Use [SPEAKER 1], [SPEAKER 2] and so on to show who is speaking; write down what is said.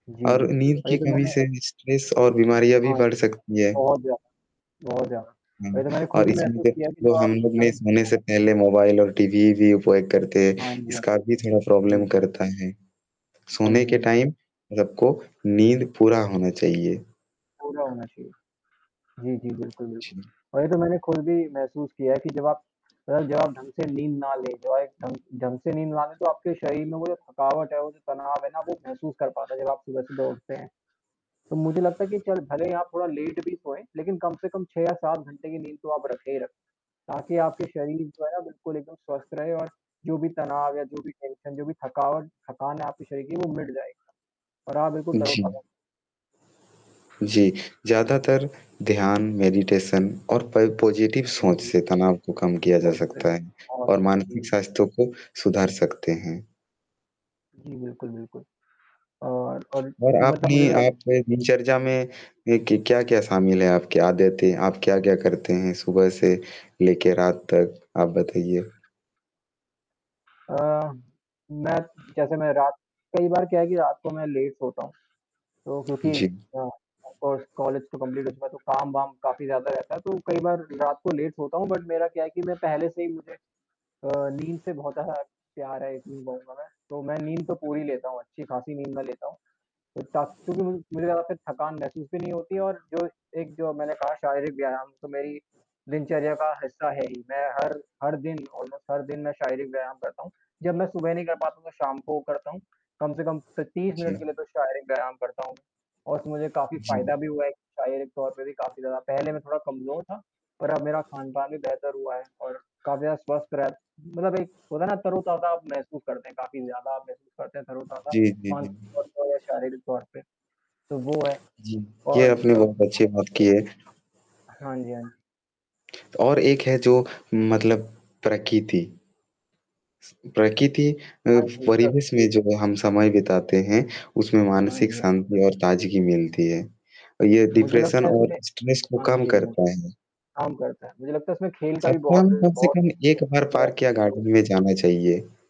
[SPEAKER 1] जी,
[SPEAKER 2] और
[SPEAKER 1] जी।
[SPEAKER 2] नींद
[SPEAKER 1] और
[SPEAKER 2] की
[SPEAKER 1] ये तो
[SPEAKER 2] कमी
[SPEAKER 1] मैंने
[SPEAKER 2] से स्ट्रेस और बीमारियाँ भी
[SPEAKER 1] हाँ,
[SPEAKER 2] बढ़ सकती हैं।
[SPEAKER 1] बहुत ज़्यादा, बहुत ज़्यादा।
[SPEAKER 2] हुँ,
[SPEAKER 1] वही तो मैंने
[SPEAKER 2] और
[SPEAKER 1] खुद ही
[SPEAKER 2] इसमें
[SPEAKER 1] महसूस
[SPEAKER 2] जब
[SPEAKER 1] किया कि
[SPEAKER 2] जो
[SPEAKER 1] जब
[SPEAKER 2] हम
[SPEAKER 1] आप
[SPEAKER 2] लोग
[SPEAKER 1] अं
[SPEAKER 2] सोने से पहले मोबाइल और टीवी भी उपयोग करते हैं,
[SPEAKER 1] हाँ जी, हाँ।
[SPEAKER 2] इसका भी थोड़ा
[SPEAKER 1] जी,
[SPEAKER 2] प्रॉब्लम
[SPEAKER 1] जी।
[SPEAKER 2] करता है।
[SPEAKER 1] हाँ
[SPEAKER 2] सोने
[SPEAKER 1] जी,
[SPEAKER 2] के
[SPEAKER 1] हाँ जी। हाँ।
[SPEAKER 2] टाइम सबको नींद पूरा होना चाहिए।
[SPEAKER 1] पूरा होना चाहिए। जी, जी। बिल्कुल, बिल्कुल,
[SPEAKER 2] जी।
[SPEAKER 1] और ये तो मैंने खुद भी महसूस किया है कि जब आप जब आप ढंग से नींद ना लें, जब आप एक ढंग ढंग से नींद लें, तो आपके शरीर में वो जो थकावट है, वो जो तनाव है ना, वो महसूस कर पाता है, जब आप सुबह-सुबह उठते हैं। तो मुझे लगता है कि चल, भले ही आप थोड़ा लेट भी सोएँ, लेकिन कम से कम 6 या 7 घंटे की नींद तो आप रखे ही रखें। ताकि आपके शरीर जो है, बिल्कुल एकदम स्वस्थ रहे और जो भी तनाव या जो भी टेंशन, जो भी थकावट, थकान है आपके शरीर की, वो मिट जाएगा। और आप बिल्कुल
[SPEAKER 2] जी।
[SPEAKER 1] तरोताज़ा
[SPEAKER 2] जी, ज़्यादातर ध्यान, मेडिटेशन और पै पॉज़िटिव
[SPEAKER 1] हाँ
[SPEAKER 2] सोच
[SPEAKER 1] जी।
[SPEAKER 2] से तनाव को कम किया जा
[SPEAKER 1] तो फिर
[SPEAKER 2] सकता है
[SPEAKER 1] और
[SPEAKER 2] और
[SPEAKER 1] जी,
[SPEAKER 2] मानसिक
[SPEAKER 1] जी।
[SPEAKER 2] स्वास्थ्य को सुधार सकते हैं।
[SPEAKER 1] जी, बिल्कुल, बिल्कुल। और और
[SPEAKER 2] और
[SPEAKER 1] मतलब,
[SPEAKER 2] आपने
[SPEAKER 1] मुझे तो आप
[SPEAKER 2] आप दिनचर्या में एक क्या-क्या शामिल है आपके आदतें? आप क्या-क्या करते हैं सुबह से लेके रात तक, आप बताइए?
[SPEAKER 1] अ, मैं जैसे मैं रात कई बार क्या है कि रात को मैं लेट सोता हूँ। तो क्योंकि
[SPEAKER 2] जी।
[SPEAKER 1] अ, ऑफ़ कोर्स कॉलेज तो कंप्लीट हो चुका है, तो काम-वाम काफ़ी ज़्यादा रहता है तो कई बार रात को लेट सोता हूँ, बट मेरा क्या है कि मैं पहले से ही, मुझे अ, नींद से बहुत ज़्यादा प्यार है, ये चीज कहुँगा मैं। तो मैं नींद तो पूरी लेता हूँ अच्छी-खासी नींद मैं लेता हूँ। तो थक क्योंकि मुझे मुझे ज़्यादा थकान महसूस भी नहीं होती और जो एक, जो मैंने कहा, शारीरिक व्यायाम, तो मेरी दिनचर्या का हिस्सा है ही। मैं हर हर दिन, ऑलमोस्ट हर दिन, मैं शारीरिक व्यायाम करता हूँ। जब मैं सुबह नहीं कर पाता हूँ, तो शाम को करता हूँ, कम से कम त 30 मिनट
[SPEAKER 2] जी।
[SPEAKER 1] के लिए तो शारीरिक व्यायाम करता हूँ, और उसमें मुझे काफ़ी
[SPEAKER 2] जी।
[SPEAKER 1] फ़ायदा भी हुआ है। शारीरिक तौर पे भी काफ़ी ज़्यादा, पहले मैं थोड़ा कमज़ोर था पर अब मेरा खान-पान भी बेहतर हुआ है और काफ़ी ज़्यादा स्वस्थ रह मतलब, एक होता है ना, तरोताज़ा महसूस करते हैं, काफ़ी ज़्यादा अब महसूस करते हैं, तरोताज़ा
[SPEAKER 2] जी, जी, जी।
[SPEAKER 1] मानसिक और शारीरिक तौर पे। तो वो हैं
[SPEAKER 2] जी, ये
[SPEAKER 1] और
[SPEAKER 2] आपने
[SPEAKER 1] सब
[SPEAKER 2] बहुत अच्छी बात की
[SPEAKER 1] [unintelligible]
[SPEAKER 2] है।
[SPEAKER 1] हाँ जी, हाँ जी।
[SPEAKER 2] और एक है, जो मतलब, प्रकिति स प्रकृति अ,
[SPEAKER 1] हाँ, बिल्कुल
[SPEAKER 2] परिवेश
[SPEAKER 1] है।
[SPEAKER 2] में जो हम समय बिताते हैं, उसमें
[SPEAKER 1] हाँ
[SPEAKER 2] मानसिक
[SPEAKER 1] जी, हाँ।
[SPEAKER 2] शांति और ताज़गी मिलती है। ये
[SPEAKER 1] मुझे
[SPEAKER 2] डिप्रेशन
[SPEAKER 1] लगता है
[SPEAKER 2] और
[SPEAKER 1] इसमें
[SPEAKER 2] स्ट्रेस को
[SPEAKER 1] हाँ जी,
[SPEAKER 2] कम
[SPEAKER 1] यही है।
[SPEAKER 2] करता है।
[SPEAKER 1] काम करता है। मुझे लगता है इसमें खेल का भी
[SPEAKER 2] सप्ताह
[SPEAKER 1] बहुत,
[SPEAKER 2] में कम से कम 1 बार पार्क या
[SPEAKER 1] बहुत [unintelligible]
[SPEAKER 2] गार्डन में जाना चाहिए।